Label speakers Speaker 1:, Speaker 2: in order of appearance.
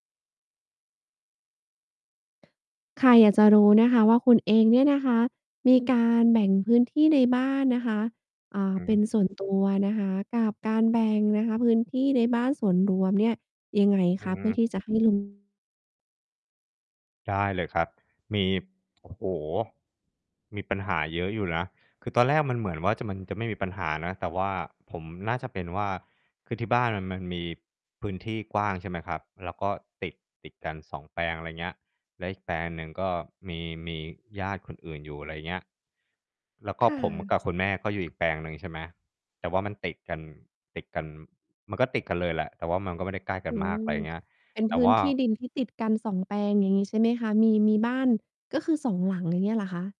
Speaker 1: ค่ะ อยากจะรู้นะคะว่า คุณเองเนี่ยนะคะ มีการแบ่งพื้นที่ในบ้านนะคะ อ่า
Speaker 2: อื
Speaker 1: เป็น
Speaker 2: อ
Speaker 1: ส่วน ตัวนะคะ กับการแบ่งนะคะ พื้นที่ในบ้านส่วนรวมเนี่ยยังไง
Speaker 2: อื
Speaker 1: คะ?
Speaker 2: อฮ
Speaker 1: เพื่
Speaker 2: ึ
Speaker 1: อที่จะให้ ลง
Speaker 2: ได้เลยครับ มี โอ้โฮ มีปัญหาเยอะอยู่นะ คือตอนแรกมันเหมือนว่าจะ มันจะไม่มีปัญหานะ แต่ว่าผมน่าจะเป็นว่า คือที่บ้านน่ะมันมีพื้นที่กว้าง ใช่ไหมครับ แล้วก็ติด ติดกัน 2 แปลง ไรเงี้ย แล้วอีกแปลงหนึ่งก็มี มีญาติคนอื่นอยู่ อะไรเงี้ย แล้วก็
Speaker 1: ค่
Speaker 2: ผมก
Speaker 1: ะ
Speaker 2: ับคุณแม่ก็อยู่อีกแปลงหนึ่ง ใช่ไหม แต่ว่ามันติดกัน ติดกัน มันก็ติดกันเลยแหละ แต่ว่ามันก็ไม่ได้ใกล้กั
Speaker 1: อื
Speaker 2: นมาก
Speaker 1: ม
Speaker 2: ไรเงี้ย
Speaker 1: เป็น
Speaker 2: แต
Speaker 1: พ
Speaker 2: ่
Speaker 1: ื
Speaker 2: ว
Speaker 1: ้น
Speaker 2: ่า
Speaker 1: ที่ดินที่ติดกัน 2 แปลงอย่างงี้ใช่ไหมคะ? มี มีบ้าน ก็คือ 2 หลัง อย่างเงี้ยเหรอคะ?